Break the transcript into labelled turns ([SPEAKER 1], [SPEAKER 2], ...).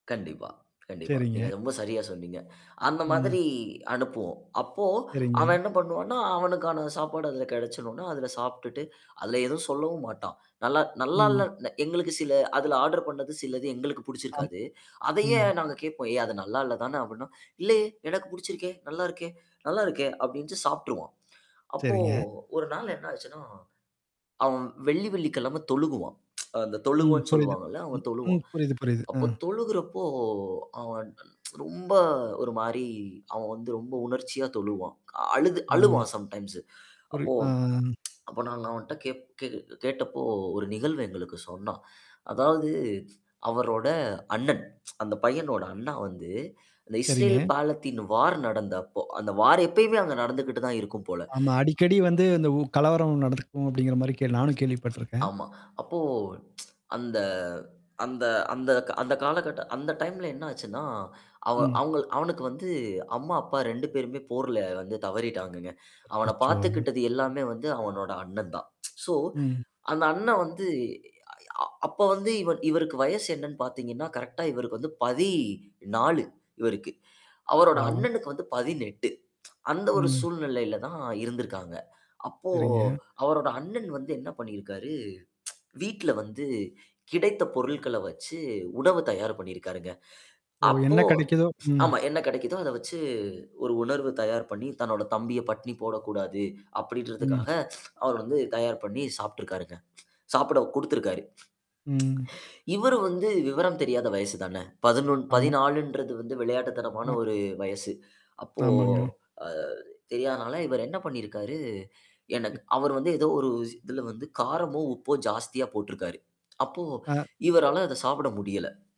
[SPEAKER 1] கண்டிப்பா, கண்டிப்பா. நீங்க
[SPEAKER 2] சரிங்க.
[SPEAKER 1] ரொம்ப சரியா சொன்னீங்க. அந்த
[SPEAKER 2] ம்.
[SPEAKER 1] மாதிரி அனுப்புவோம். அப்போ
[SPEAKER 2] சரிங்க.
[SPEAKER 1] அவன் என்ன பண்ணுவான்னா, அவனுக்கான சாப்பாடு அதில கிடைச்சடுனா, அதில சாப்பிட்டு அதல எதுவும் சொல்லவும் மாட்டான். நல்லா நல்லா
[SPEAKER 2] ம்.
[SPEAKER 1] இல்ல எங்களுக்கு சில அதுல ஆர்டர் பண்ணது சிலது எங்களுக்கு
[SPEAKER 2] ஆம்.
[SPEAKER 1] புடிச்சிருக்காது. அதையே
[SPEAKER 2] ம்.
[SPEAKER 1] நாங்க கேட்போம். ஏய்! அது நல்லா இல்ல தானே அப்டின்னா இல்லயே! எனக்கு படிச்சிருக்கே! நல்லாருக்கே! நல்லா இருக்கே! அப்டின்னுட்டு சாப்பட்டுருவான். அப்போ
[SPEAKER 2] சரிங்க.
[SPEAKER 1] 1 நாள் என்ன ஆச்சுன்னா? அவன் வெள்ளி வெள்ளிக்கிழமை தொழுகுவான். அ அந்த
[SPEAKER 2] ம்.
[SPEAKER 1] தொழுவம்ன்னு
[SPEAKER 2] புரியுது.
[SPEAKER 1] சொல்லுவாங்கல்ல,
[SPEAKER 2] ம்.
[SPEAKER 1] அவன்
[SPEAKER 2] ம்,
[SPEAKER 1] தொழுவான்.
[SPEAKER 2] புரியுது, புரியுது.
[SPEAKER 1] அப்போ
[SPEAKER 2] ம்.
[SPEAKER 1] தொழுகுறப்போ அவன் ரொம்ப ஒரு மாரி அவன் வந்து ரொம்ப உணர்ச்சியா தொழுவான். அ அழுது
[SPEAKER 2] ம்.
[SPEAKER 1] அழுவான் சம்டைம்ஸ்.
[SPEAKER 2] புரி
[SPEAKER 1] அப்போ.
[SPEAKER 2] ஆ.
[SPEAKER 1] அப்ப நாங்க அவன்ட்ட கேப் கே கேட்டப்போ ஒரு நிகழ்வு எங்களுக்கு சொன்னான். அதாவது அவரோட அண்ணன். அந்த பையனோட அண்ணா வந்து அந்த இஸ்ரேல்
[SPEAKER 2] சரிங்க.
[SPEAKER 1] பாலத்தின் வார் நடந்தப்போ அந்த வார் எப்பயுமே அங்க நடந்துகிட்டு தான் இருக்கும் போல.
[SPEAKER 2] ஆமா. அடிக்கடி வந்து இந்த உ கலவரம் நடத்துக்கும் அப்டிங்கிற மாரி கேள் நானும் கேள்விப்பட்டுருக்கேன்.
[SPEAKER 1] ஆமா. அப்போ அந்த அந்த அந்த அந்த காலகட்ட அந்த டைம்ல என்ன ஆச்சுன்னா, அவ
[SPEAKER 2] ம்.
[SPEAKER 1] அவங்க அவனுக்கு வந்து அம்மா, அப்பா 2 பேருமே போர்ல வந்து தவறிட்டாங்கங்க. அவன
[SPEAKER 2] அச்சச்சோ!
[SPEAKER 1] பார்த்துக்கிட்டது எல்லாமே வந்து அவனோட அண்ணன் தான். சோ
[SPEAKER 2] ம்.
[SPEAKER 1] அந்த அண்ணன் வந்து, அ அப்ப வந்து இவ இவருக்கு வயசு என்னன்னு பார்த்தீங்கன்னா, கரெக்ட்டா இவருக்கு வந்து 14 இவருக்கு. அவரோட
[SPEAKER 2] பாவம்.
[SPEAKER 1] அண்ணனுக்கு வந்து 18 அந்த ஒரு
[SPEAKER 2] ம்.
[SPEAKER 1] சூழ்நிலையில தான் இருந்திருக்காங்க. அப்போ
[SPEAKER 2] சரிங்க.
[SPEAKER 1] அவரோட அண்ணன் வந்து என்ன பண்ணியிருக்காரு? வீட்ல வந்து கிடைத்த பொருட்கள வச்சு உணவு தயார் பண்ணியிருக்காருங்க.
[SPEAKER 2] ஓ!
[SPEAKER 1] அப்போ
[SPEAKER 2] என்ன கிடைக்குதோ? ம்.
[SPEAKER 1] ஆமா என்ன கிடைக்குதோ அத வச்சு ஒரு உணவு தயார் பண்ணி தன்னோட தம்பிய பட்னி போடக்கூடாது
[SPEAKER 2] ம்.
[SPEAKER 1] அப்டின்றதுக்காக அவர் வந்து தயார் பண்ணி சாப்பட்டுருக்காருங்க. சாப்பிட குடுத்துருக்காரு.
[SPEAKER 2] ம்.
[SPEAKER 1] இவரு வந்து விவரம் தெரியாத வயசு தானே. பதினொன்னு,
[SPEAKER 2] ஆமா.
[SPEAKER 1] பதினாலுன்றது வந்து விளையாட்டுத்தனமான
[SPEAKER 2] ஆ.
[SPEAKER 1] ஒரு வயசு. அப்போ
[SPEAKER 2] ஆமாங்க.
[SPEAKER 1] அ தெரியாதனால இவர் என்ன பண்ணியிருக்காரு, எனக்கு
[SPEAKER 2] எ
[SPEAKER 1] அவர் வந்து ஏதோ ஒரு இதுல வந்து காரமோ, உப்போ ஜாஸ்தியா போட்டுருக்காரு. அப்போ
[SPEAKER 2] அ.
[SPEAKER 1] இவரால அத சாப்பிட முடியல.